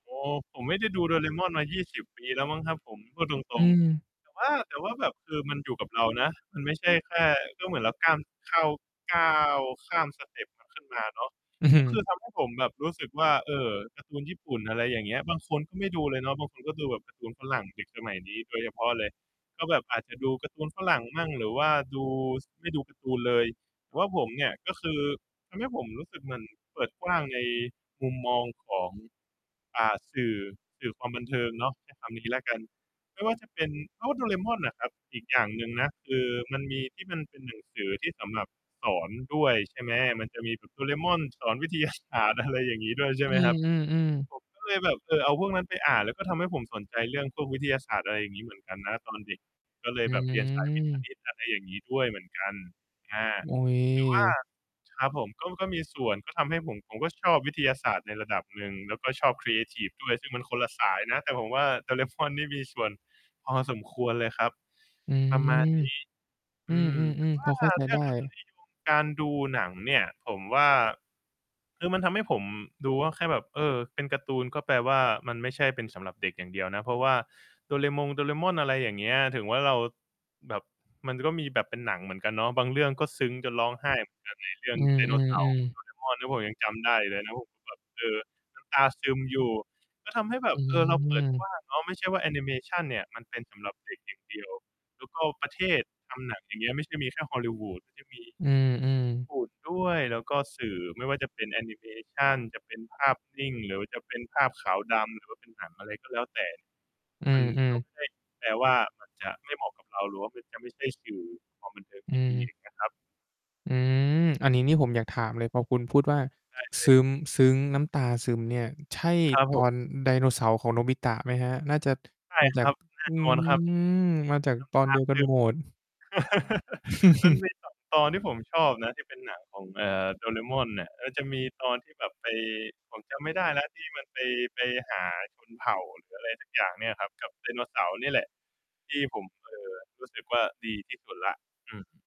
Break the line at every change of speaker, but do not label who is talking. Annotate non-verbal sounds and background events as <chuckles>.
อ๋อ ผมไม่ได้ดู Doraemon มา 20 ปีแล้วมั้งครับผม พูดต
อ
ร
ื
ง
ม
ๆ แต่ว่า แต่ว่าแบบ คือมันอยู่กับเรานะ มันไม่ใช่แค่ ก็เหมือนเราก้ามข้าว ก้าวข้ามสเต็ปมันขึ้นมาเนาะ
อือฮ
ก
ื
็คื
อ
อทำให้ผมแบบรู้สึกว่า เออ การ์ตูนญี่ปุ่น อะไรอย่างเงี้ย บางคนก็ไม่ดูเลยเนาะ บางคนก็ดูแบบการ์ตูนฝรั่ง เด็กสมัยนี้โดยเฉพาะเลย ก็แบบอาจจะดูการ์ตูนฝรั่งมั่ง หรือว่าดู ซ ไม่ดูการ์ตูนเลย แต่ว่าผมเนี่ยก็คือ ทำให้ผมรู้สึกเหมือนเปิดกว้างในมุมมองของ อ่า สื่อ สื่อความบันเทิงเนาะ ใช้ คำนี้แล้วกัน ไม่ว่าจะเป็น เพราะว่า Doraemon อะครับ อีกอย่างหนึ่งนะ คือมันมีที่มันเป็นหนังสือ ที่สำหรับสอนด้วย ใช่ไหม มันจะมีแบบ Doraemon สอน วิทยาศาสตร์ อะไรอย่างงี้ด้วย ใช่
อ
ไห
ื
มครับ
ม ๆ ๆ
ผมก็เลยแบบ เออ เอาพวกนั้นไปอ่าน แล้วก็ทำให้ผมสนใจเรื่องพวกวิทยาศาสตร์ อะไรอย่างงี้เหมือนกันนะ ตอนเด็ก ก็เล
อื
ยแบบ เรียนสายวิทย์-ค
ม
ณิต อะไรอย่างงี้ ด้วยเหมือนกัน อา
อุ๊ย
แต่ว่า ครับผม ก็ ก็มีส่วน ก็ทำให้ผม ผมก็ชอบวิทยาศาสตร์ในระดับหนึ่ง แล้วก็ชอบครีเอทิฟด้วย ซึ่งมันคนละสายนะ แต่ผมว่า Dorae mon นี่มีส่วนพอสมควรเลยครับ
อื
ป
ม
ระมาณ นี้
อ
อ
ื
ืม แต่
ม ๆ
ว
ๆ
่
พ
า
อเข้าใจ
เรื
ไ
่
ด
อ
้
งรสนิยม การดูหนังเนี่ย ผมว่า คือมันทำให้ผมดูว่า แค่แบบ เออ เป็นการ์ตูนก็แปลว่า มันไม่ใช่เป็นสำหรับเด็กอย่างเดียวนะ เพราะว่า โดเรมงโดเรม่อน อะไรอย่างเงี้ย ถึงว่าเราแบบ มันก็มีแบบเป็นหนังเหมือนกันเนาะ บางเรื่องก็ซึ้งจนร้องไห้ เหมือนกัน ในเรื่อ
อ
ง
ื
ไดโนเสาร์
อ
ขอ
ๆ
ง
ๆ
Doraemon ที่ผมยังจำได้อยู่เลยนะ ผมแบบ เอ่อ น้ำตาซึมอยู่ ก็ทำให้แบ
อื
บ เออ เราเปิดกว
ม
้างเนาะ ไม่ใช่ว่าแอนิเมชันเนี่ย มันเป็นสำหรับ เด็กอย่างเดียว แล้วก็ประเทศทำหนัง อะไรอย่างเงี้ย ไม่ใช่มีแค่ฮอลลิวูด มันจะมี
อืม
ญี่
ๆ
ปุ่นด้วย แล้วก็สื่อ ไม่ว่าจะเป็นแอนิเมชัน จะเป็นภาพนิ่ง หรือว่าจะเป็นภาพขาวดำ หรือว่าเป็นหนัง อะไรก็แล้วแต่
อื
มัน
ม
ก็
ๆ
ไม่ได้แปลว่า มันจะไม่เหมาะกับเรา หรือว่ามันจะไม่ใช่สื่อความบันเทิง
อ
ท
ื
ี่ดี
ม
อย่างเงี้ยครับ
อืม อันนี้นี่ผมอยากถามเลย พอคุณพูดว่า
ใช่เล
ซึ
ย
้ม ซึ้งน้ำตาซึมเนี่ย ใช่
ครับ
ต
ผ
อ
ม
นไดโนเสาร์ของโนบิตะไหมครับ? น่าจะ
ใช่
มาจา
ค
ก
รับ แน
อ
่
ื
น
ม
อนครับ น้ำต
มาจากตอนเดี
า
ยวก
ซ
ัน
ึม
หมด <chuckles>
<chuckles> มัน
<chuckles>
มี 2 ตอนที่ผมชอบนะ ที่เป็นหนังของ เอ่อ Doraemon อะ มันจะมีตอนที่แบบไป ผมจำไม่ได้แล้วที่มันไป ไปหาชนเผ่าหรือ อะไรสักอย่างเนี่ยครับ กับไดโนเสาร์เนี่ยแหละ ที่ผม เอ่อ รู้สึกว่าดีที่สุดแล้ว อืม